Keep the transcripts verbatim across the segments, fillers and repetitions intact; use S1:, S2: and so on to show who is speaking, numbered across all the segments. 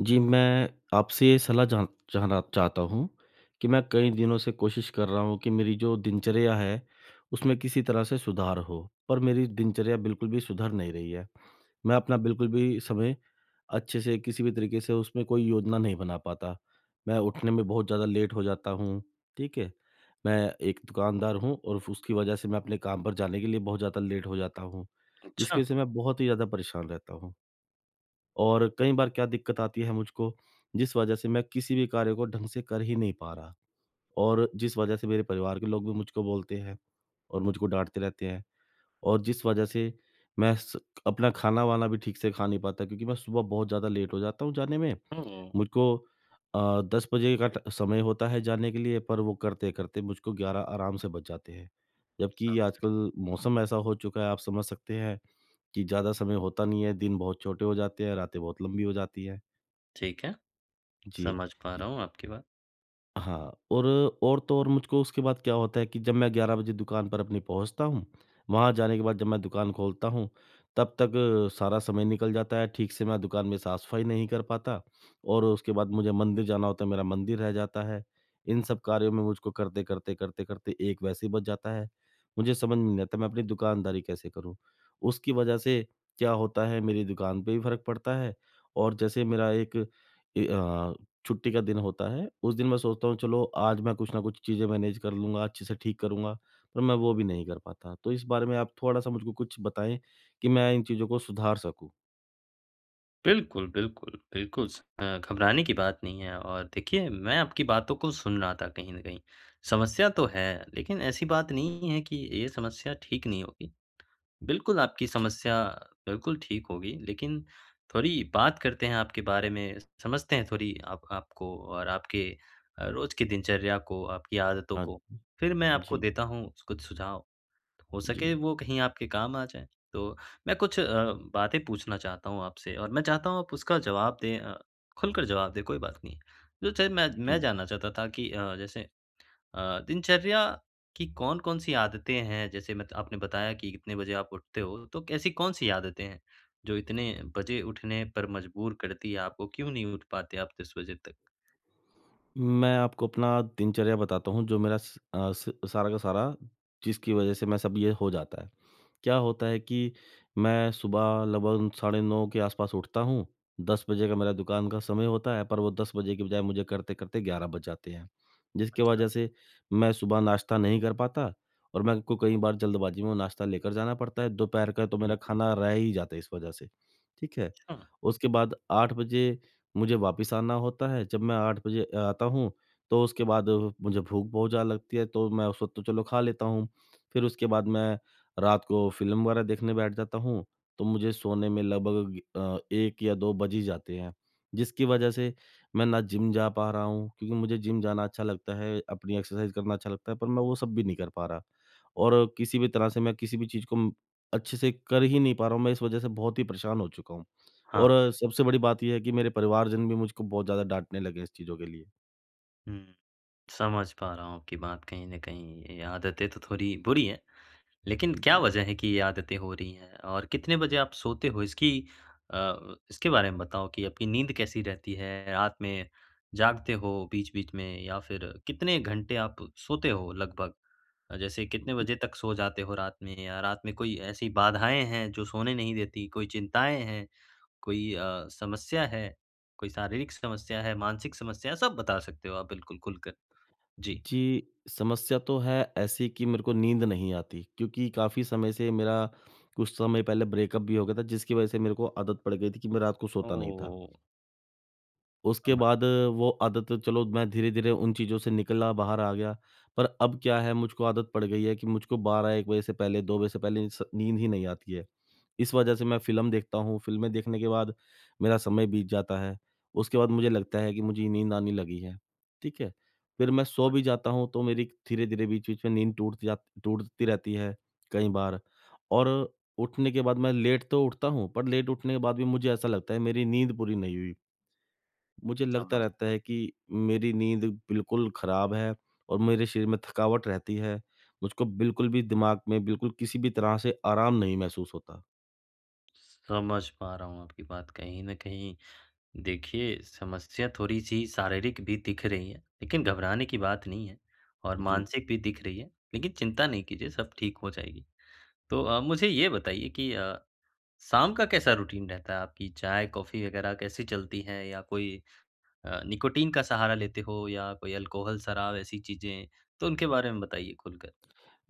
S1: जी, मैं आपसे ये सलाह जा जानना चाहता हूँ कि मैं कई दिनों से कोशिश कर रहा हूँ कि मेरी जो दिनचर्या है उसमें किसी तरह से सुधार हो। पर मेरी दिनचर्या बिल्कुल भी सुधर नहीं रही है। मैं अपना बिल्कुल भी समय अच्छे से किसी भी तरीके से उसमें कोई योजना नहीं बना पाता। मैं उठने में बहुत ज़्यादा लेट हो जाता हूँ। ठीक है। मैं एक दुकानदार हूँ और उसकी वजह से मैं अपने काम पर जाने के लिए बहुत ज़्यादा लेट हो जाता हूँ। जिसकी
S2: अच्छा।
S1: वजह से मैं बहुत ही ज़्यादा परेशान रहता हूँ। और कई बार क्या दिक्कत आती है मुझको जिस वजह से मैं किसी भी कार्य को ढंग से कर ही नहीं पा रहा। और जिस वजह से मेरे परिवार के लोग भी मुझको बोलते हैं और मुझको डाँटते रहते हैं। और जिस वजह से मैं स अपना खाना-वाना भी ठीक से खा नहीं पाता क्योंकि मैं सुबह बहुत ज़्यादा लेट हो जाता हूँ जाने में।
S2: हुँ, हुँ।
S1: मुझको अ, दस बजे का ट समय होता है जाने के लिए पर वो करते-करते मुझको ग्यारह आराम से बज जाते हैं।
S2: पौने सात
S1: जबकि
S2: मिनट।
S1: आजकल मौसम ऐसा हो चुका है आप समझ सकते हैं कि ज़्यादा समय होता नहीं है दिन बहुत छोटे हो जाते हैं रातें बहुत लंबी हो जाती है।
S2: ठीक है।
S1: जी।
S2: समझ पा रहा हूँ आपकी बात।
S1: हाँ, और और तो और, मुझको उसके बाद क्या होता है कि जब मैं ग्यारह बजे दुकान पर अपनी पहुँचता हूँ, वहाँ जाने के बाद जब मैं दुकान खोलता हूँ, तब तक सारा समय निकल जाता है। ठीक से मैं दुकान में साफ़-सफ़ाई नहीं कर पाता, और उसके बाद मुझे मंदिर जाना होता है, मेरा मंदिर रह जाता है। इन सब कार्यों में मुझको करते-करते, करते-करते एक वैसे ही बज जाता है। मुझे समझ में नहीं आता, मैं अपनी दुकानदारी कैसे करूँ। उसकी वज़ह से क्या होता है, मेरी दुकान पे भी फ़र्क पड़ता है। और जैसे मेरा एक ए अ, छुट्टी का दिन होता है, उस दिन मैं सोचता हूँ चलो, आज मैं कुछ न कुछ चीज़ें मैनेज कर लूँगा, अच्छे से ठीक करूँगा, पर मैं वो भी नहीं कर पाता। तो इस बारे में आप थोड़ा-सा मुझ को कुछ बताएँ कि मैं इन चीज़ों को सुधार सकूँ?
S2: बिल्कुल, बिल्कुल, बिल्कुल स अ, घबराने की बात नहीं है, और देखिए, मैं आपकी बातों को सुन रहा था कहीं न कहीं। समस्या तो है, लेकिन ऐसी बात नहीं है कि ये समस्या ठीक नहीं होगी। बिल्कुल, आपकी
S1: जी।
S2: समस्या बिल्कुल ठीक होगी। लेकिन थोड़ी बात करते हैं आपके बारे में, समझते हैं थोड़ी आप आपको और आपके अ, रोज़ के दिनचर्या को, आपकी आदतों
S1: हाँ।
S2: को। फिर मैं आपको
S1: जी।
S2: देता हूँ स कुछ सुझाव, हो सके
S1: जी।
S2: वो कहीं आपके काम आ जाएँ। तो मैं कुछ अ, बातें पूछना चाहता हूँ आपसे, और मैं चाहता हूँ आप उसका जवाब दें अ, खुलकर जवाब दें, कोई बात नहीं। जो चीज़ मैं मैं
S1: जी।
S2: जानना चाहता था कि अ, जैसे अ, दिनचर्या की कौन-कौन सी आदतें हैं, जैसे मत आपने बताया कि कितने बजे आप उठते हो, तो कैसी कौन-सी आदतें हैं जो इतने बजे उठने पर मजबूर करतीं हैं आपको? क्यों नहीं उठ पाते आप दस बजे तक?
S1: मैं आपको अपना दिनचर्या बताता हूँ, जो मेरा स अ, स सारा का सारा जिसकी वज़ह से मैं सब ये हो जाता है। क्या होता है कि मैं सुबह लगभग साढ़े नौ के आसपास उठता हूँ। दस बजे का मेरा दुकान का समय होता है, पर वो दस के बजाय मुझे करते-करते ग्यारह बज जाते हैं, जिसके
S2: अच्छा।
S1: वज़ह से मैं सुबह नाश्ता नहीं कर पाता, और मेरे को कई बार जल्दबाजी में नाश्ता लेकर जाना पड़ता है। दोपहर का तो
S2: हुँ,
S1: मेरा
S2: हुँ।
S1: खाना रह ही जाता है इस वज़ह से, ठीक है।
S2: अच्छा।
S1: उसके बाद आठ बजे मुझे वापस आना होता है। जब मैं आठ बाजे आता हूँ, तो उसके बाद मुझे भूख बहुत ज़्यादा लगती है, तो मैं उस वक़्त तो चलो खा लेता हूँ। फिर उसके बाद मैं रात को फ़िल्म वग़ैरह देखने बैठ जाता हूँ, तो मुझे सोने में लगभग अ, एक या दो बज ही जाते हैं, जिसकी वज़ह से मैं ना जिम जा पा रहा हूँ, क्योंकि मुझे जिम जाना अच्छा लगता है, अपनी एक्सरसाइज़ करना अच्छा लगता है, पर मैं वो सब भी नहीं कर पा रहा। और किसी भी तरह से मैं किसी भी चीज़ को अम अच्छे से कर ही नहीं पा रहा हूँ, मैं इस वजह से बहुत ही परेशान हो चुका हूँ।
S2: हाँ।
S1: और सबसे बड़ी बात ये है कि मेरे परिवारजन भी मुझको बहुत ज़्यादा डाँटने लगे हैं इस चीज़ों के लिए।
S2: हुँ। समझ पा रहा हुँ आपकी बात कहीं न कहीं ये आदतें तो थोड़ी बुरी हैं। लेकिन क्या
S1: जी।
S2: वज़ह है कि ये आदतें हो रही हैं और कितने बजे आप सोते हो इसकी अ, इसके बारे में बताओ कि आपकी नींद कैसी रहती है, रात में जागते हो बीच-बीच में या फिर कितने घंटे आप सोते हो लगभग? जैसे कितने
S1: बिल्कुल।
S2: बजे तक सो जाते हो रात में या रात में कोई ऐसी बाधाएँ हैं जो सोने नहीं देती, कोई चिंताएँ हैं, कोई अ, समस्या है, कोई शारीरिक समस्या है, मानसिक समस्या सब बता सकते हो आप बिल्कुल ख़ुलकर, जी।
S1: जी, समस्या तो है ऐसी कि मेरे को नींद नहीं आती, क्योंकि काफ़ी समय से मेरा कुछ समय पहले ब्रेकअप भी हो गया था जिसकी वज़ह से मेरे को आदत पड़ गई थी कि मैं रात को सोता नहीं था।
S2: ओह!
S1: उसके
S2: समझ
S1: बाद वो आदत चलो मैं धीरे-धीरे उन चीज़ों से निकला, बाहर आ गया। पर अब क्या है मुझको आदत पड़ गई है कि मुझको बारह एक बजे से पहले, दो बजे से पहले इन्स नींद ही नहीं आती है, इस वजह से मैं फ़िल्म देखता हूँ, फ़िल्में देखने के बाद मेरा समय बीत जाता है। उसके बाद मुझे लगता है कि मुझे नींद आने लगी है, ठीक है? फिर मैं सो
S2: समझ
S1: भी
S2: पा
S1: जाता हूँ तो मेरी धीरे-धीरे बीच-बीच में नींद टूट जा टूटती रहती है कई बार और उठने के बाद मैं लेट तो उठता हूँ पर लेट उठने के बाद भी मुझे ऐसा लगता है मेरी नींद पूरी नहीं हुई। मुझे लगता
S2: समझ
S1: रहता
S2: पा
S1: है कि मेरी नींद बिल्कुल ख़राब है और मेरे शरीर में थकावट रहती है, मुझको बिल्कुल भी दिमाग में बिल्कुल किसी भी तरह से आराम नहीं महसूस होता।
S2: समझ पा रहा हूँ आपकी बात कहीं न कहीं। देखिए, समस्या थोड़ी-सी शारीरिक भी दिख रही है, लेकिन घबराने की बात नहीं है और
S1: जी।
S2: मानसिक भी दिख रही है, लेकिन चिंता नहीं कीजिए सब ठीक हो जाएगी। तो अ, मुझे ये बताइए कि अ, शाम का कैसा रूटीन रहता है आपकी चाय, कॉफ़ी वगैरह कैसी चलती है या कोई अ, निकोटिन का सहारा लेते हो या कोई ऐल्कोहॉल, शराब ऐसी चीज़ें तो उनके बारे में बताइए खुलकर?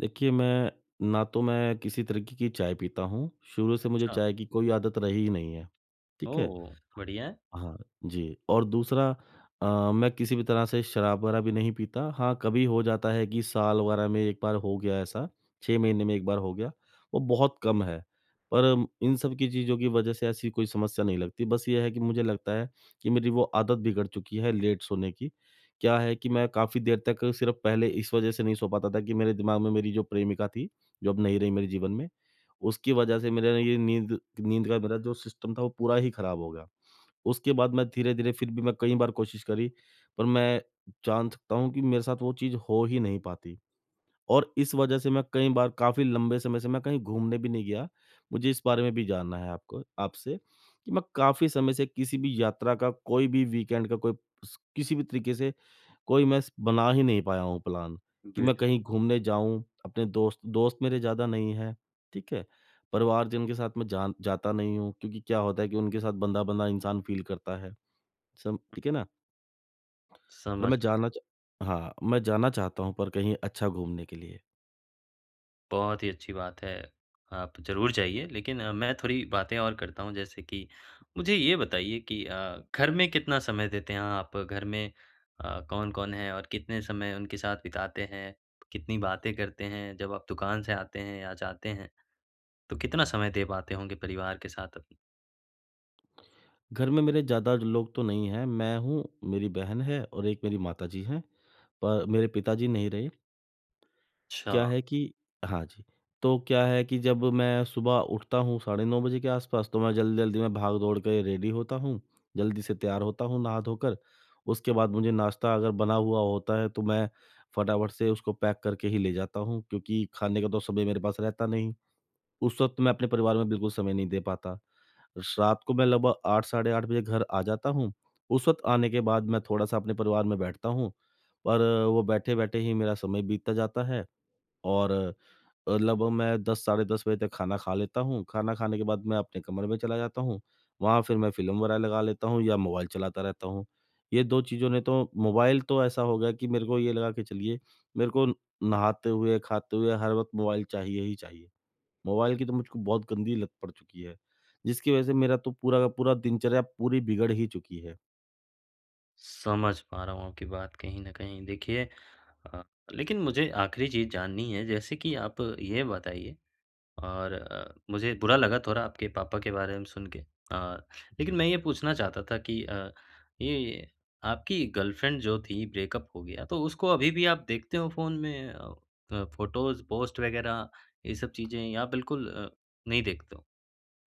S1: देखिए, मैं ना तो मैं किसी तरीके की चाय पीता हूँ, शुरू से मुझे
S2: अच्छा।
S1: चाय की कोई आदत रही ही नहीं है। ठीक है?
S2: ओह! बढ़िया है।
S1: हाँ जी, और दूसरा अ, मैं किसी भी तरह से शराब वगैरह भी नहीं पीता हाँ, कभी हो जाता है कि साल वगैरह में एक बार हो गया ऐसा, छह महीने में एक बार हो गया वो बहुत कम है। पर म इन सब की चीज़ों की वजह से ऐसी कोई समस्या नहीं लगती, बस ये है कि मुझे लगता है कि मेरी वो आदत बिगड़ चुकी है लेट सोने की। क्या है कि
S2: हुँ।
S1: मैं काफ़ी देर तक सिर्फ पहले इस वजह से नहीं सो पाता था कि मेरे दिमाग में मेरी जो प्रेमिका थी, जो अब नहीं रही मेरे जीवन में, उसकी वजह से मेरा ये नींद, नींद का मेरा जो सिस्टम था वो पूरा ही ख़राब हो गया। उसके बाद मैं धीरे-धीरे फिर भी मैं कई बार कोशिश करी पर मैं जान सकता हूँ कि मेरे साथ वो चीज़ हो ही नहीं पाती और इस वजह से मैं कई बार काफ़ी लंबे समय से मैं कहीं घूमने भी नहीं गया, मुझे इस बारे में भी जानना है आपको आपसे। कि मैं काफ़ी समय से किसी भी यात्रा का कोई भी वीकेंड का कोई स किसी भी तरीके से कोई मैं स बना ही नहीं पाया हूँ प्लान कि
S2: बिल
S1: मैं कहीं घूमने जाऊँ अपने दोस्त दोस्त मेरे ज़्यादा नहीं हैं, ठीक है। परिवार जन के साथ मैं जान जाता नहीं हूँ क्योंकि क्या होता है कि उनके साथ बँधा-बँधा इंसान फ़ील करता है। सम
S2: उम
S1: ठीक है ना? पर मैं
S2: समझ
S1: जाना चा हाँ, मैं जाना चाहता हूँ पर कहीं अच्छा घूमने के लिए।
S2: बहुत ही अच्छी बात है, आप ज़रूर जाइए। लेक़िन मैं थोड़ी बातें और करता हूँ जैसे कि मुझे ये बताइए कि अ, घर में कितना समय देते हैं आप? घर में अ, कौन-कौन है? और कितने समय उनके साथ बिताते हैं, कितनी बातें करते हैं जब आप दुकान से आते हैं या जाते हैं? तो कितना समय दे पाते होंगे परिवार के साथ आप?
S1: घर में मेरे ज़्यादा लोग तो नहीं हैं। मैं हूँ, मेरी बहन है और एक मेरी माताजी है। और मेरे पिताजी नहीं रहे। क्या
S2: अच्छा।
S1: है कि हाँ जी। तो क्या है कि जब मैं सुबह उठता हूँ साढ़े नौ के आस-पास तो मैं जल्दी-जल्दी में भाग दौड़ के रेडी होता हूँ। ज़ल्दी से तैयार होता हूँ नहा-धो कर। उसके बाद मुझे नाश्ता अगर बना हुआ होता है तो मैं फटा-फट से उसको पैक करके ही ले जाता हूँ, क्योंकि खाने का तो समय मेरे पास रहता नहीं। उस वक्त मैं अपने परिवार में बिल्कुल समय नहीं दे पाता। रात को मैं लगभग आठ साढ़े आठ बजे घर आ जाता हूँ। उस वक्त आने के बाद मैं थोड़ा-सा अपने परिवार में बैठता हूँ। और वो बैठे-बैठे ही मेरा समय बीतता जाता है। और अ, लगभग मैं दस साढ़े दस बजे तक खाना खा लेता हूँ। खाना खाने के बाद मैं अपने कमरे में चला जाता हूँ। वहाँ फ़िर मैं फ़िल्म वग़ैरह लगा लेता हूँ या मोबाइल चलाता रहता हूँ। ये दो चीज़ों ने तो मोबाइल तो ऐसा हो गया कि मेरे को ये लगा के चलिए, मेरे को नहाते हुए, खाते हुए, हर वक़्त मोबाइल चाहिए ही चाहिए। मोबाइल की तो मुझको बहुत गंदी लत पड़ चुकी है जिसकी वज़ह से मेरा तो पूरा का पूरा दिनचर्या पूरी बिगड़ ही चुकी है।
S2: समझ पा रहा हूँ आपकी बात कहीं न कहीं देखिए। अ, लेकिन मुझे आखिरी चीज़ जाननी है जैसे कि आप ये बताइए और अ, मुझे बुरा लगा थोड़ा आपके पापा के बारे में सुन के अ, लेकिन
S1: जी।
S2: मैं ये पूछना चाहता था कि अ, ये आपकी गर्लफ्रेंड जो थी ब्रेकअप हो गया तो उसको अभी भी आप देखते हो फोन में? अ, फोटोज़ पोस्ट वग़ैरह ये सब चीज़ें या बिल्कुल अ, नहीं देखते हो?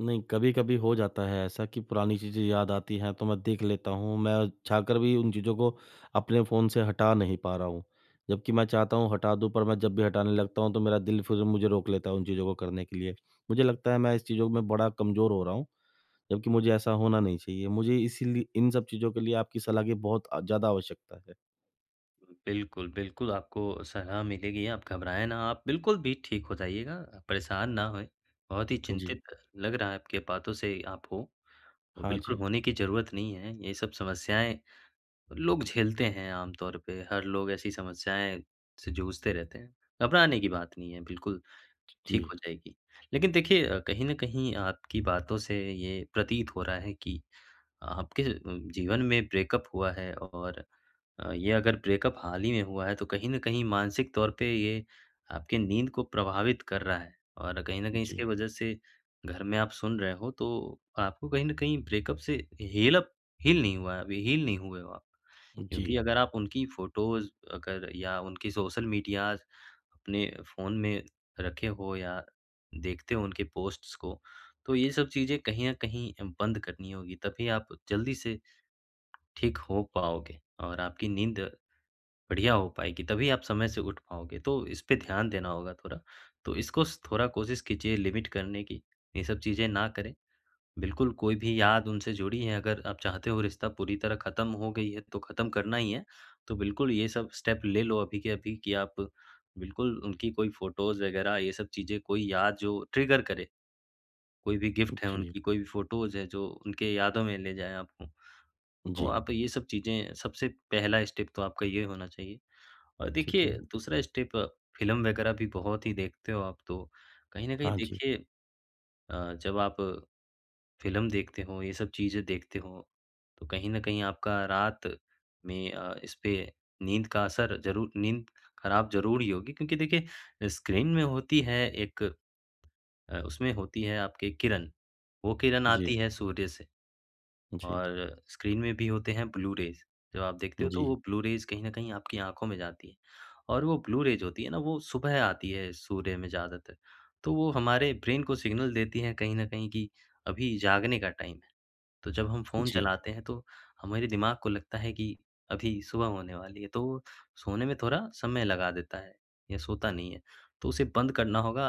S1: नहीं कभी-कभी हो जाता है ऐसा कि पुरानी चीज़ें याद आती हैं, तो मैं देख लेता हूँ। मैं चाह कर भी उन चीज़ों को अपने फ़ोन से हटा नहीं पा रहा हूँ। जबकि मैं चाहता हूँ हटा दूँ पर मैं जब भी हटाने लगता हूँ तो, मेरा दिल फिर मुझे रोक लेता है उन चीज़ों को करने के लिए। मुझे लगता है मैं इस चीज़ों में बड़ा कमज़ोर हो रहा हूँ, जबकि मुझे ऐसा होना नहीं चाहिए। मुझे इसलि इन सब चीज़ों के लिए आपकी सलाह की बहुत ज़्यादा आवश्यकता है।
S2: बिल्कुल, बिल्कुल आपको सलाह मिलेगी आप घबराएँ ना, आप बिल्कुल भी ठीक हो जाइएगा अ, परेशान ना होएँ, बहुत ही
S1: जी।
S2: चिंतित लग रहा है आपके बातों से आप हो।
S1: हाँ
S2: बिल्कुल
S1: जी।
S2: होने की ज़रूरत नहीं है, ये सब समस्याएँ लोग झेलते हैं आमतौर पे, हर लोग ऐसी समस्याएँ से जूझते रहते हैं, घबराने की बात नहीं है बिल्कुल ठीक
S1: जी।
S2: हो जाएगी। लेकिन देखिए कहीं न कहीं आपकी बातों से ये प्रतीत हो रहा है कि आपके अ, जीवन में ब्रेकअप हुआ है और अ, ये अगर ब्रेकअप हाल ही में हुआ है, तो कहीं न कहीं मानसिक तौर पे ये आपकी नींद को प्रभावित कर रहा है। और कहीं न कहीं इसके
S1: जी।
S2: वजह से घर में आप सुन रहे हो, तो आपको कहीं न कहीं ब्रेकअप से हील अप हील नहीं हुआ है अभी, हील नहीं हुए हो आप। क्योंकि
S1: जी।
S2: अगर आप उनकी फोटोज़ अगर या उनकी सोशल मीडियाज़ अपने फ़ोन में रखे हो या देखते हो उनके पोस्ट्स को तो ये सब चीज़ें कहीं न कहीं बंद करनी होंगीं, तभी आप जल्दी से ठीक हो पाओगे। और आपकी नींद बढ़िया हो पाएगी, तभी आप समय से उठ पाओगे, तो इस पे ध्यान देना होगा थोड़ा। तो इसको स थोड़ा कोशिश कीजिए लिमिट करने की, ये सब चीज़ें ना करें। बिल्कुल कोई भी याद उनसे जुड़ी हैं अगर आप चाहते हो रिश्ता पूरी तरह ख़त्म हो गई है तो ख़त्म करना ही है, तो बिल्कुल ये सब स्टेप ले लो अभी के अभी कि आप बिल्कुल उनकी कोई फोटोज़ वग़ैरह ये सब चीज़ें कोई याद जो ट्रिगर करे, कोई भी गिफ्ट हैं
S1: जी।
S2: उनकी, कोई भी फोटोज़ हैं जो उनकी यादों में ले जाए आपको। तो
S1: जी।
S2: आप ये सब चीज़ें सबसे पहला स्टेप तो आपका ये होना चाहिए। और
S1: ठीक
S2: देखिए
S1: है।
S2: दूसरा स्टेप फ़िल्म वग़ैरह भी बहुत ही देखते हो आप, तो कहीं न कहीं
S1: हाँ जी।
S2: देखिए अ, जब आप फ़िल्म देखते हो, ये सब चीज़ें देखते हो, तो कहीं न कहीं आपका रात में अ, इसपे नींद का असर ज़रूर नींद खराब ज़रूर ही होगी क्योंकि देखिए स्क्रीन में होती है एक अ, उसमें होती है आपके किरण। वो किरण
S1: जी।
S2: आती है सूर्य से,
S1: जी।
S2: और स्क्रीन में भी होते हैं ब्लू-रेज़। जब आप देखते हो तो वह
S1: जी
S2: ब्लू-रेज़ कहीं न कहीं आपकी आँखों में जाती हैं और वो ब्लू-रेज़ होती है न वो सुबह आती है सूर्य में ज़्यादातर। तो वो हमारे ब्रेन को सिग्नल देती है कहीं न कहीं कि अभी जागने का टाइम है। तो जब हम फ़ोन
S1: जी।
S2: चलाते हैं तो, हमारे दिमाग को लगता है कि अभी सुबह होने वाली है, तो वो सोने में थोड़ा समय लगा देता है या सोता नहीं है। तो उसे बंद करना होगा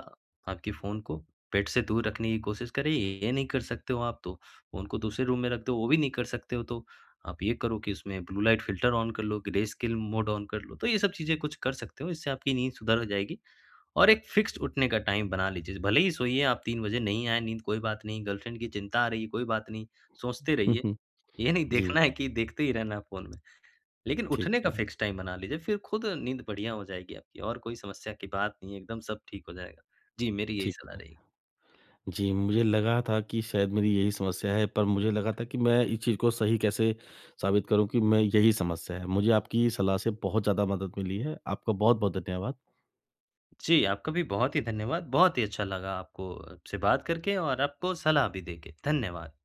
S2: आपके फ़ोन को बेड से दूर रखने की कोशिश करें, ये नहीं कर सकते हो आप तो फ़ोन को दूसरे रूम में रख दो, वो भी नहीं कर सकते हो तो आप ये करो कि उसमें ब्लू-लाइट फ़िल्टर ऑन कर लो, ग्रेस्केल मोड ऑन कर लो, तो ये सब चीज़ें कुछ कर सकते हो, इससे आपकी नींद सुधर जाएगी। और एक फिक्स्ड उठने का टाइम बना लीजिए। भले ही सोइए आप तीन बजे नहीं आए नींद कोई बात नहीं, गर्लफ्रेंड की चिंता आ रही है, कोई बात नहीं सोचते रहिए, ये नहीं
S1: जी।
S2: देखना है कि देखते ही रहना है फ़ोन में। लेकिन
S1: ठीक
S2: उठने का
S1: है।
S2: फिक्स टाइम बना लीजिए, फिर खुद नींद बढ़िया हो जाएगी आपकी और कोई समस्या की बात नहीं है, एकदम सब ठीक हो जाएगा। जी मेरी यही
S1: ठीक
S2: सलाह
S1: है।
S2: रहेगी।
S1: जी मुझे लगा था कि शायद मेरी यही समस्या है पर मुझे लगा था कि, मैं इस चीज़ को सही कैसे साबित करूँ कि मैं यही समस्या है। मुझे आपकी सलाह से बहुत ज़्यादा मदद मिली है। आपका बहुत-बहुत धन्यवाद।
S2: जी आपका भी बहुत ही धन्यवाद। बहुत ही अच्छा लगा आपको आपसे बात करके और आपको सलाह भी दे के। धन्यवाद।